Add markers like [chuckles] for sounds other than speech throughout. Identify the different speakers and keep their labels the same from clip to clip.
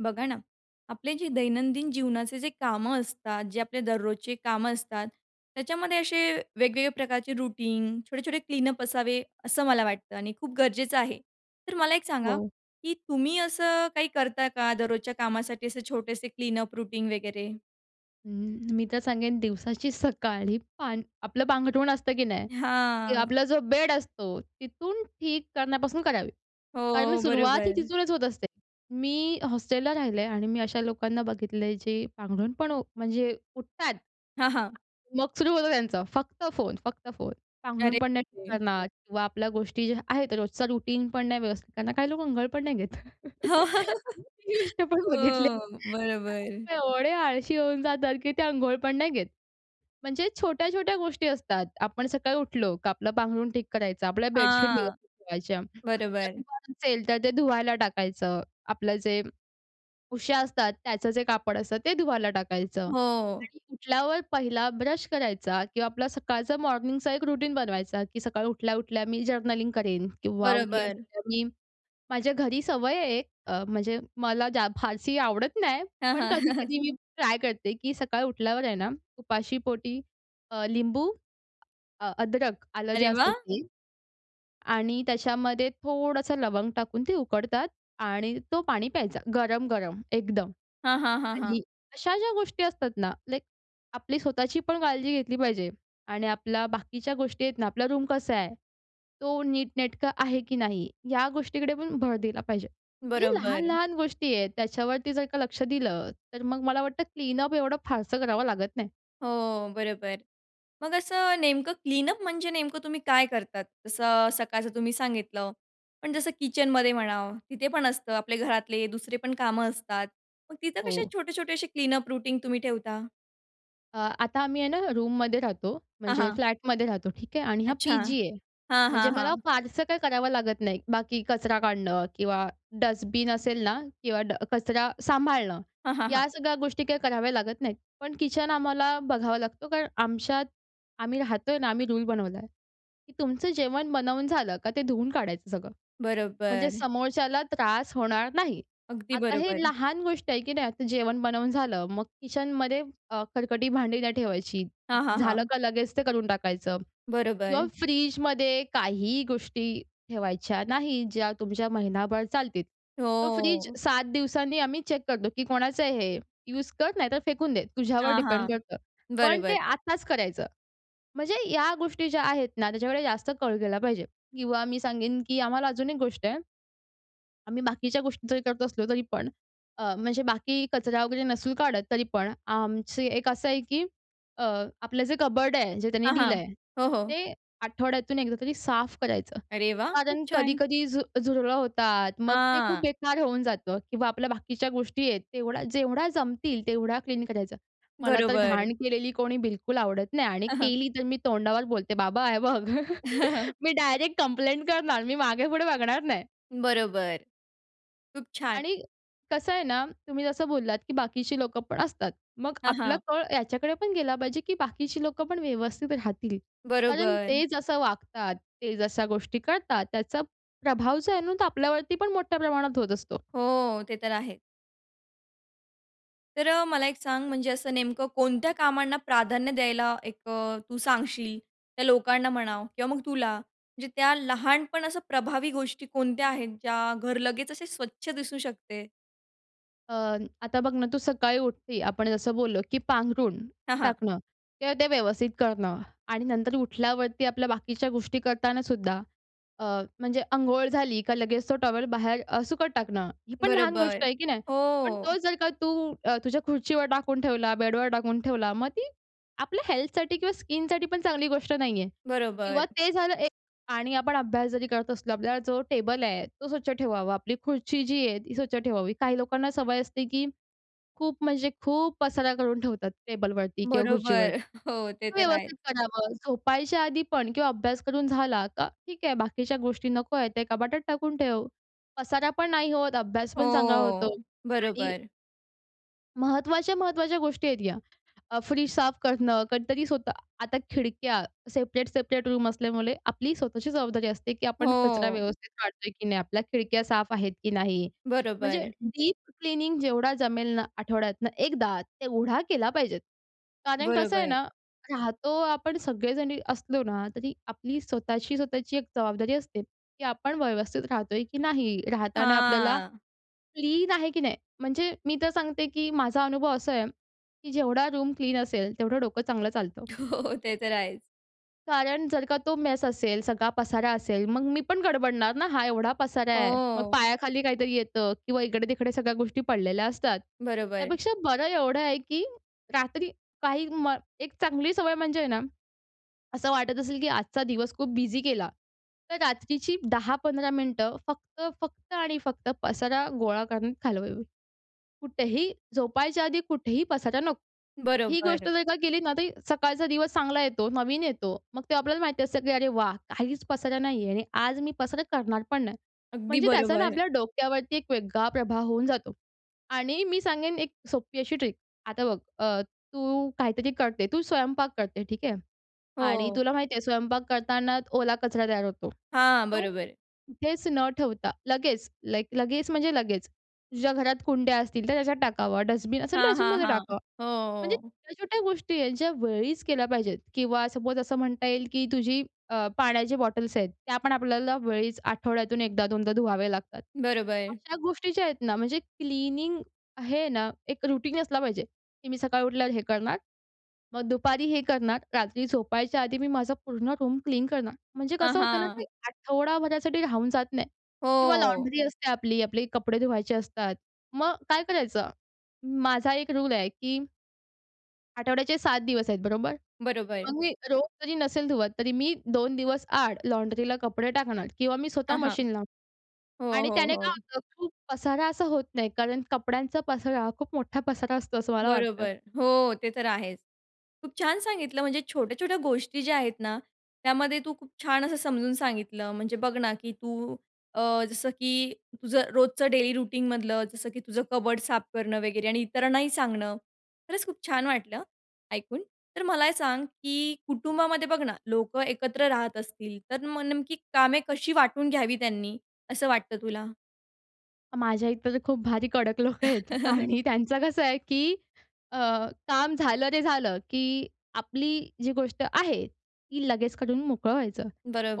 Speaker 1: बघा ना, आपले जे दैनंदिन जीवनाचे जे कामं असतात, जे आपले दररोजचे कामं असतात, त्याच्यामध्ये असे वेगवेगळे प्रकारचे रूटीन, छोटे-छोटे क्लीनअप असावे, असं मला वाटतं आणि खूप गरजेचं आहे. तर मला एक सांगा,
Speaker 2: हो.
Speaker 1: की तुम्ही असं काही करता का, दररोजच्या कामासाठी असे छोटेसे क्लीनअप रूटीन वगैरे?
Speaker 2: अं, मी तर सांगेन, दिवसाची सकाळ ही, पान आपलं पांघरुण असतं, की नाही, की
Speaker 1: हां.
Speaker 2: आपला जो बेड असतो, तिथून ठीक करण्यापासून करावी. कारण
Speaker 1: हो.
Speaker 2: सुरुवात ही
Speaker 1: बरोबर.
Speaker 2: तिथूनच होत असते. मी हॉस्टेलला राहिले आणि मी अशा लोकांना बघितलंय, जे पांघरुण पण उ म्हणजे उठतात,
Speaker 1: हां, हां.
Speaker 2: मग सुरू होतं त्यांचं फक्त फोन, फक्त फोन, पांघरुण
Speaker 1: अरे
Speaker 2: पण नाही ठीक
Speaker 1: बापरे!
Speaker 2: करणार किंवा आपल्या गोष्टी ज्या आहेत, रोजचा रुटीन पण नाही व्यवस्थित करणार. काही लोकं अंघोळ पण नाही घेत.
Speaker 1: हो.
Speaker 2: ही गोष्ट पण बघितली आहे, की
Speaker 1: बरोबर.
Speaker 2: काही लोकं एवढे आळशी होऊन जातात, की ते अंघोळ पण नाही घेत. म्हणजे छोट्या-छोट्या गोष्टी असतात. आपण सकाळी उठलो का, आपलं पांघरूण ठीक करायचं, आपल्या बेडशीट
Speaker 1: हां.
Speaker 2: व्यवस्थित ठेवायच्या.
Speaker 1: बरोबर.
Speaker 2: [unintelligible] तर ते धुवायला टाकायचं, आपलं जे उश्या असतात, त्याचं जे कापड असतं, ते धुवायला टाकायचं.
Speaker 1: हो.
Speaker 2: आणि उठल्यावर पहिला ब्रश करायचा किंवा आपला सकाळचं मॉर्निंगचा एक रूटीन बनवायचा, की सकाळी उठल्या-उठल्या मी जर्नलिंग करेन किंवा
Speaker 1: बरोबर.
Speaker 2: उठल्या-उठल्या मी माझ्या घरी सवय आहे, अ, म्हणजे मला फारशी आवडत नाही,
Speaker 1: हां,
Speaker 2: पण
Speaker 1: हां.
Speaker 2: कधी-कधी मी ट्राय करते, की सकाळी उठल्यावर आहे ना, उपाशीपोटी अ, लिंबू अ, अदरक, आलं जे
Speaker 1: अरे
Speaker 2: असतं
Speaker 1: वाह!
Speaker 2: ते आणि त्याच्यामध्ये थोडंसं लवंग टाकून ते उकडतात आणि तो पाणी प्यायचा गरम-गरम एकदम.
Speaker 1: हां, हां, हां, हां.
Speaker 2: आणि अशा ज्या गोष्टी असतात ना, लाइक आपली स्वतःची पण काळजी घेतली पाहिजे आणि आपल्या बाकीच्या गोष्टी आहेत ना, आपला रूम कसा आहे, तो नीटनेटकं आहे, की नाही, या गोष्टीकडे पण भर दिला पाहिजे. म्हणजे
Speaker 1: बरोबर.
Speaker 2: लहान-लहान गोष्टी आहेत, त्याच्यावरती जर का लक्ष दिलं, तर मग मला वाटतं, क्लीनअप एवढं फारसं करावं लागत नाही.
Speaker 1: हो. बरोबर. मग असं नेमकं क्लीनअप म्हणजे नेमकं तुम्ही काय करतात? जसं अ, सकाळचं तुम्ही सांगितलं, पण जसं किचनमध्ये म्हणा, तिथे पण असतं. आपले घरातले दुसरे पण कामं असतात. मग तिथं कसे
Speaker 2: हो.
Speaker 1: छोटे-छोटे असे क्लीनअप रुटीन तुम्ही ठेवता?
Speaker 2: अ, आता आम्ही आहे ना, रूममध्ये राहतो,
Speaker 1: हां,
Speaker 2: म्हणजे
Speaker 1: हां.
Speaker 2: फ्लॅटमध्ये राहतो, ठीक आहे. आणि हा
Speaker 1: अच्छा.
Speaker 2: पी-जी आहे,
Speaker 1: हां,
Speaker 2: म्हणजे
Speaker 1: हां,
Speaker 2: मला
Speaker 1: हां.
Speaker 2: फारसं काही करावं लागत नाही बाकी कचरा काढणं किंवा डस्टबीन असेल ना किंवा ड कचरा सांभाळणं,
Speaker 1: हां, हां, हां.
Speaker 2: या सगळ्या गोष्टी, काही कराव्या लागत नाहीत. पण किचन आम्हाला बघावं लागतो, कारण आमच्यात आम्ही राहतोय ना, आम्ही रूल बनवला आहे, की तुमचं जेवण बनवून झालं का, ते धुवून काढायचं सगळं, म्हणजे
Speaker 1: बरोबर.
Speaker 2: समोरच्याला त्रास होणार नाही.
Speaker 1: अगदी
Speaker 2: आता हे
Speaker 1: बरोबर.
Speaker 2: लहान गोष्ट आहे, की नाही, आता जेवण बनवून झालं, मग किचनमध्ये अ, खरकटी भांडी नाही ठेवायची.
Speaker 1: हां, हां,
Speaker 2: झालं
Speaker 1: हां.
Speaker 2: का लगेच ते करून टाकायचं किंवा
Speaker 1: बरोबर.
Speaker 2: फ्रिजमध्ये काहीही गोष्टी ठेवायच्या नाहीत, ज्या तुमच्या महिनाभर चालतील. तो फ्रिज
Speaker 1: हो.
Speaker 2: 7 दिवसांनी आम्ही चेक करतो, की कोणाचं आहे हे? यूज कर, नाहीतर फेकून दे, तुझ्यावर
Speaker 1: हां,
Speaker 2: डिपेंड
Speaker 1: हां.
Speaker 2: करतं. पण ते
Speaker 1: बरोबर.
Speaker 2: आत्ताच करायचं. म्हणजे या गोष्टी ज्या आहेत ना, त्याच्याकडे जास्त कळ गेला पाहिजे किंवा मी सांगेन, की आम्हाला अजून एक गोष्ट आहे. आम्ही बाकीच्या गोष्टी जरी करत असलो तरीपण, अ, म्हणजे बाकी कचरा वगैरे नसून काढत तरीपण, आमची एक असं आहे, की अ, आपलं जे कबोर्ड आहे, जे त्यांनी
Speaker 1: हां,
Speaker 2: दिलं
Speaker 1: हां.
Speaker 2: आहे,
Speaker 1: हो, हो.
Speaker 2: ते आठवड्यातून एकदा तरी साफ करायचं.
Speaker 1: अरे वाह! खूप
Speaker 2: कारण
Speaker 1: छान!
Speaker 2: कधी-कधी झु झुरळ होतात, मग ते खूप
Speaker 1: हां.
Speaker 2: बेकार होऊन जातं किंवा आपल्या बाकीच्या गोष्टी आहेत तेवढा जेवढा जमतील तेवढा क्लीन करायचं. मला तर
Speaker 1: बरोबर.
Speaker 2: घाण केलेली कोणी बिलकुल आवडत नाही आणि
Speaker 1: हां, हां.
Speaker 2: केली तर मी तोंडावर बोलते बाबा, हे बघ
Speaker 1: [chuckles]
Speaker 2: मी डायरेक्ट कम्प्लेंट करणार, मी मागे-पुढे बघणार नाही.
Speaker 1: बरोबर. खूप छान.
Speaker 2: आणि कसं आहे ना, तुम्ही जसं बोललात, की बाकीची लोकं पण असतात. मग
Speaker 1: हां,
Speaker 2: आपला
Speaker 1: हां.
Speaker 2: कळ ह्याच्याकडे पण गेला पाहिजे, की बाकीची लोकं पण व्यवस्थित राहतील. कारण
Speaker 1: बरोबर.
Speaker 2: ते जसं वागतात, ते जशा गोष्टी करतात त्याचा प्रभाव जो आहे ना, तर आपल्यावरती पण मोठ्या प्रमाणात होत असतो.
Speaker 1: हो. ते तर आहे. तर अ, मला एक सांग म्हणजे असं नेमकं कोणत्या कामांना प्राधान्य द्यायला एक अ, तू सांगशील, त्या लोकांना म्हणा किंवा मग तुला? म्हणजे त्या लहान पण असं प्रभावी गोष्टी कोणत्या आहेत ज्या, घर लगेच असे स्वच्छ दिसू शकते?
Speaker 2: अ, आता बघ ना, तू सकाळी उठते, आपण जसं बोललो की पांघरूण
Speaker 1: हां, हां.
Speaker 2: टाकणं किंवा ते व्यवस्थित करणं आणि नंतर उठल्यावरती आपल्या बाकीच्या गोष्टी करतानासुद्धा अ, म्हणजे अंघोळ झाली का लगेच तो टॉवेल बाहेर अ, सुकत टाकणं. ही पण लहान
Speaker 1: बरोबर,
Speaker 2: गोष्ट आहे की नाही? पण
Speaker 1: हो.
Speaker 2: तो जर का तू अ, तुझ्या खुर्चीवर टाकून ठेवला, बेडवर टाकून ठेवला, मग ती आपल्या हेल्थसाठी किंवा स्किनसाठी पण चांगली गोष्ट नाहीये किंवा
Speaker 1: बरोबर.
Speaker 2: ते झालं एक आणि आपण अभ्यास जरी करत असलो, आपल्याला जो टेबल आहे तो स्वच्छ ठेवावा. आपली खुर्ची जी आहे ती स्वच्छ ठेवावी. काही लोकांना सवय असते, की खूप म्हणजे खूप पसारा करून ठेवतात टेबलवरती किंवा खुर्चीवरती.
Speaker 1: बरोबर. हो, ते
Speaker 2: ते
Speaker 1: तर आहेच.
Speaker 2: व्यवस्थित करावं, झोपायच्या आधी पण किंवा अभ्यास करून झाला का. ठीक आहे, बाकीच्या गोष्टी नको आहेत ते कपाटात टाकून ठेव, पसारा पण नाही होत, अभ्यास पण चांगला होतो.
Speaker 1: हो,
Speaker 2: आणि
Speaker 1: बरोबर.
Speaker 2: महत्त्वाच्या, महत्त्वाच्या गोष्टी आहेत या. अ, फ्रीज साफ करणं. कधीतरी स्वतः आता खिडक्या सेपरेट-सेपरेट रूम असल्यामुळे आपली स्वतःची जबाबदारी असते की आपण कचरा
Speaker 1: हों.
Speaker 2: व्यवस्थित काढतोय की नाही आपला. खिडक्या साफ आहेत की नाही? म्हणजे
Speaker 1: बरोबर.
Speaker 2: डीप क्लिनिंग जेवढा जमेल ना आठवड्यातनं एकदा, तेवढा केला पाहिजेत. कारण कसं आहे
Speaker 1: बरोबर.
Speaker 2: ना, राहतो आपण सगळेजण असलो ना, तरी आपली स्वतःची-स्वतःची एक जबाबदारी असते, की आपण व्यवस्थित राहतोय की नाही? राहताना आपल्याला
Speaker 1: हां.
Speaker 2: क्लीन आहे की नाही? म्हणजे मी तर सांगते की माझा अनुभव असा आहे की जेवढा रूम क्लीन असेल तेवढं डोकं चांगलं चालतं.
Speaker 1: हो ते तर आहेच.
Speaker 2: कारण जर का तो मेस असेल, सगळा पसारा असेल, मग मी पण गडबडणार ना हा एवढा पसारा आहे. मग
Speaker 1: हों.
Speaker 2: पायाखाली काहीतरी येतं किंवा इकडे-तिकडे सगळ्या गोष्टी पडलेल्या असतात.
Speaker 1: बरोबर.
Speaker 2: त्यापेक्षा बरं एवढं आहे की रात्री काही म एक चांगली सवय म्हणजे आहे ना, असं वाटत असेल की आजचा दिवस खूप बिझी गेला तर रात्रीची 10-15 मिनिटं फक्त, फक्त आणि फक्त पसारा गोळा करण्यात घालवावी. कुठेही झोपायच्या आधी कुठेही पसारा नको. ही गोष्ट
Speaker 1: बरोबर.
Speaker 2: जर का केली ना, तरी सकाळचा दिवस चांगला येतो, नवीन येतो. मग ते आपल्याला माहिती असतं की अरे वाह! काहीच पसारा नाही आहे आणि आज मी पसारा करणार पण नाही.
Speaker 1: अगदी
Speaker 2: म्हणजे त्याचा ना
Speaker 1: बरोबर.
Speaker 2: आपल्या डोक्यावरती एक वेगळा प्रभाव होऊन जातो आणि मी सांगेन एक सोपी अशी ट्रिक. आता बघ अ, तू काहीतरी करते, तू स्वयंपाक करते ठीक आहे आणि
Speaker 1: हो.
Speaker 2: तुला माहिती आहे स्वयंपाक करतानाच ओला कचरा तयार होतो.
Speaker 1: हां,
Speaker 2: तो
Speaker 1: बरोबर.
Speaker 2: कुठेच न ठेवता, लगेच, लाइक लगेच म्हणजे लगेच, तुझ्या घरात कुंड्या असतील तर त्याच्यात टाकावं डस्टबिन असेल
Speaker 1: हां, हां,
Speaker 2: डस्टबिनमध्ये
Speaker 1: हां,
Speaker 2: टाकावं. म्हणजे
Speaker 1: हो.
Speaker 2: छोट्या-छोट्या गोष्टी आहेत ज्या वेळीच केल्या पाहिजेत किंवा सपोज असं म्हणता येईल की तुझी अ, पाण्याची बॉटल्स आहेत, त्या पण आपल्याला वेळीच आठवड्यातून 1दा-2दा धुवाव्या लागतात.
Speaker 1: बरोबर.
Speaker 2: अशा गोष्टी ज्या आहेत ना म्हणजे क्लीनिंग आहे ना, एक रूटीन असला पाहिजे, की मी सकाळी उठल्यावर हे करणार, मग दुपारी हे करणार, रात्री झोपायच्या आधी मी माझं पूर्ण रूम क्लीन करणार. म्हणजे
Speaker 1: हां,
Speaker 2: कसं होतं ना, की
Speaker 1: हां.
Speaker 2: आठवडाभरासाठी राहून जात नाही किंवा
Speaker 1: हो.
Speaker 2: लॉन्ड्री असते आपली, आपले कपडे धुवायचे असतात. मग काय करायचं? माझा एक रूल आहे की आठवड्याचे 7 दिवस आहेत बरोबर?
Speaker 1: बरोबर.
Speaker 2: मग मी रोज जरी नसेल धुवत तरी मी 2 दिवस आड लॉन्ड्रीला कपडे टाकणार किंवा मी स्वतः
Speaker 1: हां, हां,
Speaker 2: मशीन लावनार
Speaker 1: हो,
Speaker 2: आणि
Speaker 1: हो,
Speaker 2: त्याने काय
Speaker 1: हो.
Speaker 2: होतं खूप पसारा असा होत नाही. कारण कपड्यांचा पसारा खूप मोठा पसारा असतो, असं मला वाटतं.
Speaker 1: बरोबर, हो, ते तर आहेच. खूप छान सांगितलं म्हणजे छोट्या-छोट्या गोष्टी ज्या आहेत ना, त्यामध्ये तू खूप छान असं समजून सांगितलं. म्हणजे बघ ना, की तू अ, जसं की तुझं रोजचं डेली रूटीनमधलं जसं की तुझं कबर्ड साफ करणं वगैरे आणि इतरांनाही सांगणं, खरंच खूप छान वाटलं, ऐकून. तर मला हे सांग की कुटुंबामध्ये बघ ना, लोकं एकत्र राहत असतील तर मग नेमकी कामे कशी वाटून घ्यावी त्यांनी, असं वाटतं तुला?
Speaker 2: माझ्या इथं तर खूप भारी कडक लोकं आहेत
Speaker 1: [chuckles]
Speaker 2: आणि त्यांचं कसं आहे, की अ, काम झालं रे झालं, की आपली, जी गोष्ट आहे, ती लगेच करून मोकळं व्हायचं.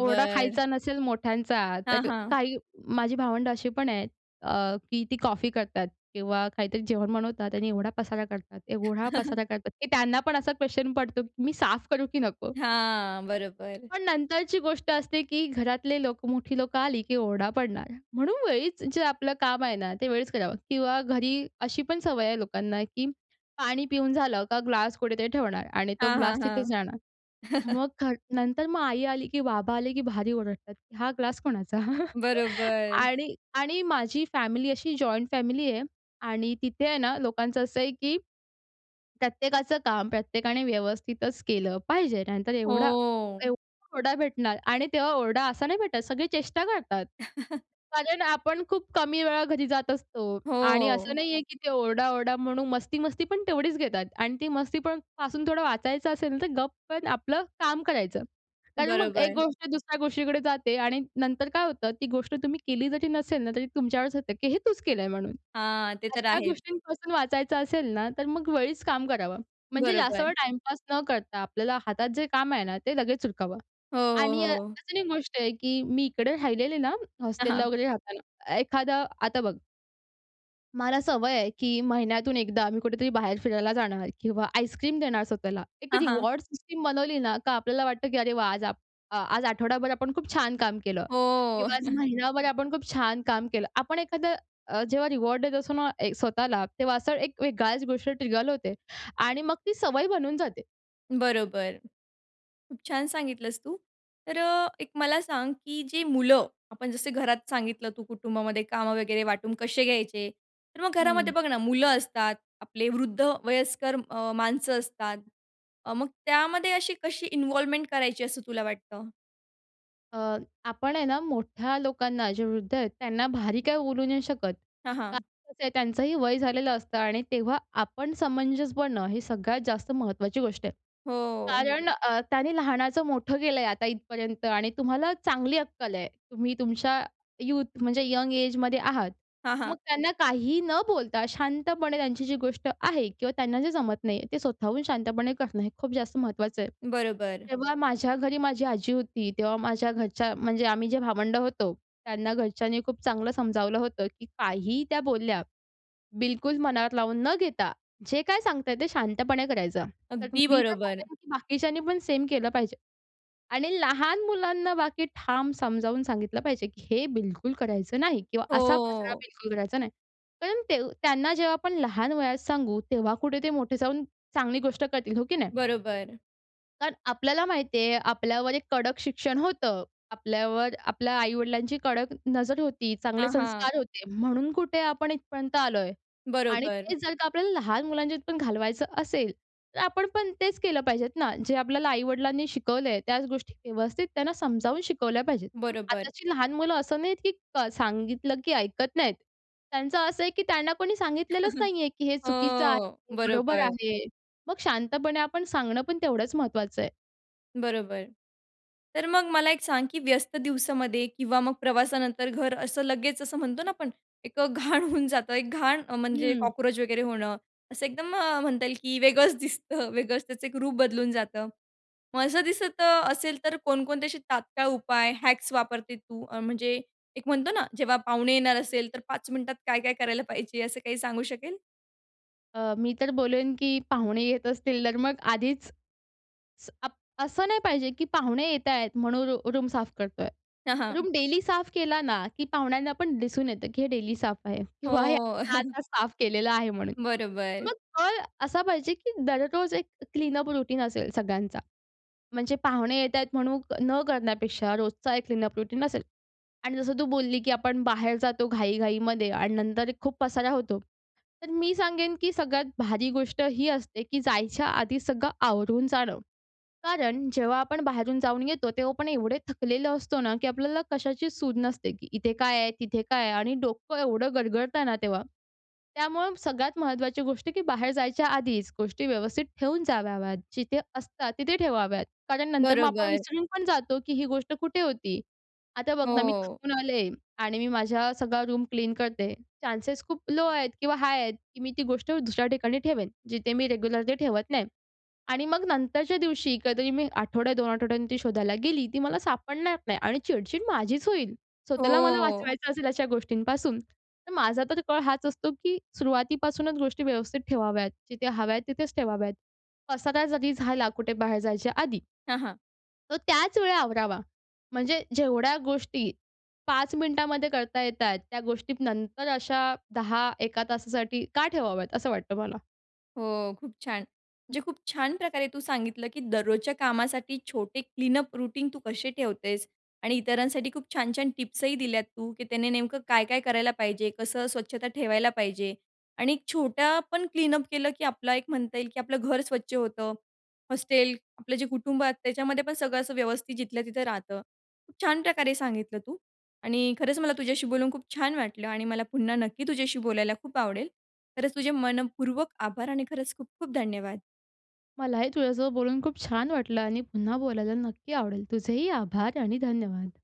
Speaker 2: ओरडा खायचा नसेल मोठ्यांचा
Speaker 1: हां,
Speaker 2: तर,
Speaker 1: हां.
Speaker 2: काही माझी भावंडं असे पण आहेत अ, की ती कॉफी करतात किंवा काहीतरी जेवण बनवतात. आणि एवढा पसारा करतात, एवढा
Speaker 1: [chuckles]
Speaker 2: पसारा करतात, की त्यांनापण असा क्वेस्चन पडतो, की मी साफ करू की नको?
Speaker 1: हां. बरोबर.
Speaker 2: पण नंतरची गोष्ट असते, की घरातले लोक मोठी लोकं आली की ओरडा पडणार. म्हणून वेळीच जे आपलं काम आहे ना, ते वेळीच करावं किंवा घरी अशीपण सवय आहे, लोकांना, की पाणी पिऊन झालं का, ग्लास कुठेतरी ठेवणार आणि तो
Speaker 1: हां, हां,
Speaker 2: ग्लास तिथेच
Speaker 1: हां.
Speaker 2: राहणार.
Speaker 1: [chuckles]
Speaker 2: मग ख नंतर, मग आई आली की बाबा आले की भारी ओरडतात, की हा ग्लास कोणाचा? [chuckles]
Speaker 1: बरोबर.
Speaker 2: आणि, आणि माझी फॅमिली अशी, जॉइंट फॅमिली आहे आणि तिथे आहे ना, लोकांचं असं आहे, की प्रत्येकाचं काम प्रत्येकाने व्यवस्थितच केलं पाहिजे. नंतर एवढा,
Speaker 1: हो.
Speaker 2: एवढा ओरडा भेटणार आणि तेव्हा ओरडा असा नाही भेटत, सगळे चेष्टा करतात.
Speaker 1: [chuckles]
Speaker 2: कारण, आपण खूप कमी वेळा घरी जात असतो आणि असं
Speaker 1: हो.
Speaker 2: नाही आहे की ते, ओरडा, ओरडा म्हणून मस्ती-मस्ती पण तेवढीच घेतात. आणि ती मस्तीपण पासून थोडं वाचायचं असेल, तर गप पण आपलं काम करायचं. कारण, मग एक
Speaker 1: बरोबर.
Speaker 2: गोष्ट दुसऱ्या गोष्टीकडे जाते आणि नंतर काय होतं, ती गोष्ट तुम्ही केली जरी नसेल ना, तरी तुमच्यावरच येते, की हे तूच केलं आहे म्हणून.
Speaker 1: हां. ते तर
Speaker 2: अशा
Speaker 1: आहेच.
Speaker 2: गोष्टींपासून वाचायचं असेल ना, तर मग वेळीच काम करावं. म्हणजे जास्त
Speaker 1: बरोबर.
Speaker 2: वेळ टाईमपास न करता, आपल्याला हातात जे काम आहे ना, ते लगेच उरकाव.
Speaker 1: हो, हो,
Speaker 2: आणि अ,
Speaker 1: हो.
Speaker 2: अजून एक गोष्ट आहे की मी, इकडे राहिलेले ना
Speaker 1: हां,
Speaker 2: हॉस्टेलला
Speaker 1: हां.
Speaker 2: वगैरे राहताना एखादा आता बघ. मला सवय आहे, की महिन्यातून एकदा मी कुठेतरी बाहेर फिरायला जाणार किंवा आईसक्रीम देणार स्वतःला. एक
Speaker 1: हां, हां.
Speaker 2: रिवार्ड सिस्टम बनवली ना, का आपल्याला वाटतं, की "अरे वाह! आज आपण आज आठवडाभर आपण खूप छान काम केलं
Speaker 1: हो.
Speaker 2: किंवा आज
Speaker 1: [chuckles]
Speaker 2: महिनाभर आपण खूप छान काम केलं. आपण एखादं अ, जेव्हा रिवार्ड देत असतो ना स्वतःला, तेव्हा असा एक वेगळाच गोष्ट ट्रिगर होते, आणि मग ती सवय बनून जाते.
Speaker 1: बरोबर. खूप छान सांगितलंस तू. तर अ, एक मला सांग, की जे मुलं, आपण जसं घरात सांगितलं, तू कुटुंबामध्ये कामं वगैरे वाटून कसे घ्यायचे? तर मग घरामध्ये
Speaker 2: हं.
Speaker 1: बघ ना, मुलं असतात, आपले वृद्ध, वयस्कर अ, माणसं असतात. अ, मग त्यामध्ये अशी कशी इन्व्हॉल्वमेंट करायची, असं तुला वाटतं?
Speaker 2: अ, आपण आहे ना, मोठ्या लोकांना, जे वृद्ध आहेत, त्यांना भारी काही बोलू नाही शकत,
Speaker 1: हां,
Speaker 2: कारण
Speaker 1: हां.
Speaker 2: कसं आहे, त्यांचंही वय झालेलं असतं. आणि तेव्हा आपण समंजस बनणं हे सगळ्यात जास्त महत्त्वाची गोष्ट आहे,
Speaker 1: हो.
Speaker 2: कारण अ, त्यांनी लहानाचं मोठं केलं आहे, आता इथपर्यंत. आणि तुम्हाला चांगली अक्कल आहे, तुम्ही तुमच्या यूथ, म्हणजे यंग एजमध्ये आहात,
Speaker 1: हां,
Speaker 2: मग
Speaker 1: हां.
Speaker 2: त्यांना काहीही न बोलता, शांतपणे त्यांची जी गोष्ट आहे, किंवा त्यांना जे जमत नाही, ते स्वतःहून शांतपणे करणं हे खूप जास्त महत्त्वाचं आहे.
Speaker 1: बरोबर.
Speaker 2: तेव्हा माझ्या घरी माझी आजी होती, तेव्हा माझ्या घरच्या, म्हणजे आम्ही जे भावंड होतो, त्यांना घरच्यांनी खूप चांगलं समजावलं होतं, की काहीही त्या बोलल्या, बिलकुल मनात लावून न घेता, जे काय सांगताय, ते शांतपणे करायचं. तर
Speaker 1: अगदी
Speaker 2: मी तर
Speaker 1: बरोबर.
Speaker 2: म्हणेल, की बाकीच्यांनी पण सेम केलं पाहिजे, आणि लहान मुलांना बाकी ठाम समजावून सांगितलं पाहिजे, की हे बिलकुल करायचं नाही, किंवा असा पसरा
Speaker 1: हो.
Speaker 2: बिलकुल करायचा नाही, कारण ते त्यांना जेव्हा आपण लहान वयात सांगू, तेव्हा कुठे ते मोठे जाऊन चांगली गोष्ट करतील, हो की नाही?
Speaker 1: बरोबर.
Speaker 2: कारण आपल्याला माहिती आहे आपल्यावर एक कडक शिक्षण होतं. आपल्यावर आपल्या आई-वडिलांची कडक नजर होती, चांगले
Speaker 1: हां, हां.
Speaker 2: संस्कार होते. म्हणून कुठे आपण इथपर्यंत आलोय आणि
Speaker 1: बरोबर.
Speaker 2: तेच जर का, आपल्याला लहान मुलांच्या पण घालवायचं असेल तर आपण पण तेच केलं पाहिजेत ना जे आपल्याला आई-वडिलांनी शिकवलंय त्याच गोष्टी व्यवस्थित त्यांना समजावून शिकवल्या पाहिजेत. पण
Speaker 1: बरोबर.
Speaker 2: आताची लहान मुलं असं नाहीत, की क सांगितलं की ऐकत नाहीत, त्यांचं असं आहे, की त्यांना कोणी सांगितलेलंच
Speaker 1: [chuckles]
Speaker 2: नाही आहे की हे
Speaker 1: हो.
Speaker 2: चुकीचं आहे हे बरोबर
Speaker 1: बरोबर.
Speaker 2: आहे. मग शांतपणे आपण सांगणं पण तेवढंच महत्त्वाचं आहे.
Speaker 1: बरोबर. तर मग मला एक सांग की व्यस्त दिवसामध्ये किंवा मग प्रवासानंतर घर असं लगेच असं म्हणतो ना, आपण एक घाण होऊन जातं. एक घाण म्हणजे
Speaker 2: हं.
Speaker 1: कॉकरोच वगैरे होणं असं एकदम म्हणता येईल की वेगळंच दिसतं, वेगळंच त्याचं एक रूप बदलून जातं. मग असं दिसतं असेल तर, कोणकोणत्याचे तात्काळ उपाय हॅक्स वापरते तू? म्हणजे एक म्हणतो ना जेव्हा पाहुणे येणार असेल, तर 5 मिनटात काय काय करायला पाहिजे, असं काही सांगू शकेल?
Speaker 2: अ, मी तर बोलेन, की पाहुणे येत असतील तर मग आधीच, स अप असं नाही पाहिजे, की पाहुणे येतायेत म्हणून रु रूम साफ करतोय.
Speaker 1: हां, हां.
Speaker 2: रूम डेली साफ केला ना, की पाहुण्यांना पण दिसून येतं, की हे डेली साफ आहे किंवा हे
Speaker 1: हो.
Speaker 2: आता
Speaker 1: [chuckles]
Speaker 2: आता साफ केलेलं आहे म्हणून.
Speaker 1: बरोबर.
Speaker 2: मग कळ असा पाहिजे, की दररोज एक क्लीनअप रूटीन असेल सगळ्यांचा, म्हणजे पाहुणे येत आहेत म्हणून न करण्यापेक्षा रोजचा एक क्लीनअप रूटीन असेल. आणि जसं तू बोलली, की आपण बाहेर जातो घाई घाईमध्ये आणि नंतर एक खूप पसारा होतो. तर मी सांगेन, की सगळ्यात भारी गोष्ट ही असते, की जायच्या आधी सगळं आवरून जाणं. कारण जेव्हा आपण बाहेरून जाऊन येतो, तेव्हा आपण एवढं थकलेलं असतो ना, की आपल्याला कशाची शुद्ध नसते, की इथे काय आहे? तिथे काय आहे? आणि डोकं एवढं गरगरतं ना तेव्हा, त्यामुळं सगळ्यात महत्त्वाची गोष्ट, की बाहेर जायच्या आधीच, गोष्टी व्यवस्थित ठेवून जाव्यात, जिथे असतात तिथे ठेवाव्यात. कारण नंतर मग आपण
Speaker 1: बरोबर.
Speaker 2: विसरून पण जातो, की ही गोष्ट कुठे होती? आता बघ ना, मी
Speaker 1: हो.
Speaker 2: थकून आले आणि मी माझा सगळा रूम क्लीन करते. चान्सेस खूप लो आहेत किंवा हाय आहेत, की मी ती गोष्ट दुसऱ्या ठिकाणी ठेवेन जिथे मी रेग्युलर ते ठेवत नाही. आणि मग नंतरच्या दिवशी कधीतरी मी आठवड्या, 2 आठवड्यांनी ती शोधायला गेली, ती मला सापडणार नाही आणि चिडचिड माझीच होईल. स्वतःला मला
Speaker 1: हो.
Speaker 2: वाचवायचं असेल अशा गोष्टींपासून, तर माझा तर कळ हाच असतो, की सुरुवातीपासूनच गोष्टी व्यवस्थित ठेवाव्यात. जिथे हव्या आहेत तिथेच ठेवाव्यात पसारा जरी झाला कुठे बाहेर जायच्या आधी
Speaker 1: हं, हं.
Speaker 2: तो त्याच वेळी आवरावा. म्हणजे जेवढ्या गोष्टी 5 मिनिटांमध्ये करता येत आहेत. त्या गोष्टी नंतर अशा 10-1का तासासाठी का ठेवाव्यात असं वाटतं मला.
Speaker 1: हो. खूप छान. म्हणजे खूप छान प्रकारे तू सांगितलं, की दररोजच्या कामासाठी, छोटे क्लीनअप रूटीन तू कसे ठेवतेस आणि इतरांसाठी खूप छान छान टिप्सही दिल्यात तू, की त्याने नेमकं काय काय करायला पाहिजे कसं स्वच्छता ठेवायला पाहिजे. आणि छोट्या पण क्लीनअप केलं, की आपला एक म्हणता येईल, की आपलं घर स्वच्छ होतं. हॉस्टेल आपलं जे कुटुंब आहे त्याच्यामध्ये पण सगळं असं व्यवस्थित जिथल्या तिथं राहतं. खूप छान प्रकारे सांगितलं तू आणि खरंच मला तुझ्याशी बोलून खूप छान वाटलं आणि मला पुन्हा नक्की तुझ्याशी बोलायला खूप आवडेल. खरंच तुझे मनःपूर्वक आभार आणि खरंच खूप, खूप धन्यवाद!
Speaker 2: मलाही तुझ्यासोबत बोलून खूप छान वाटलं आणि पुन्हा बोलायला नक्की आवडेल तुझेही आभार आणि धन्यवाद.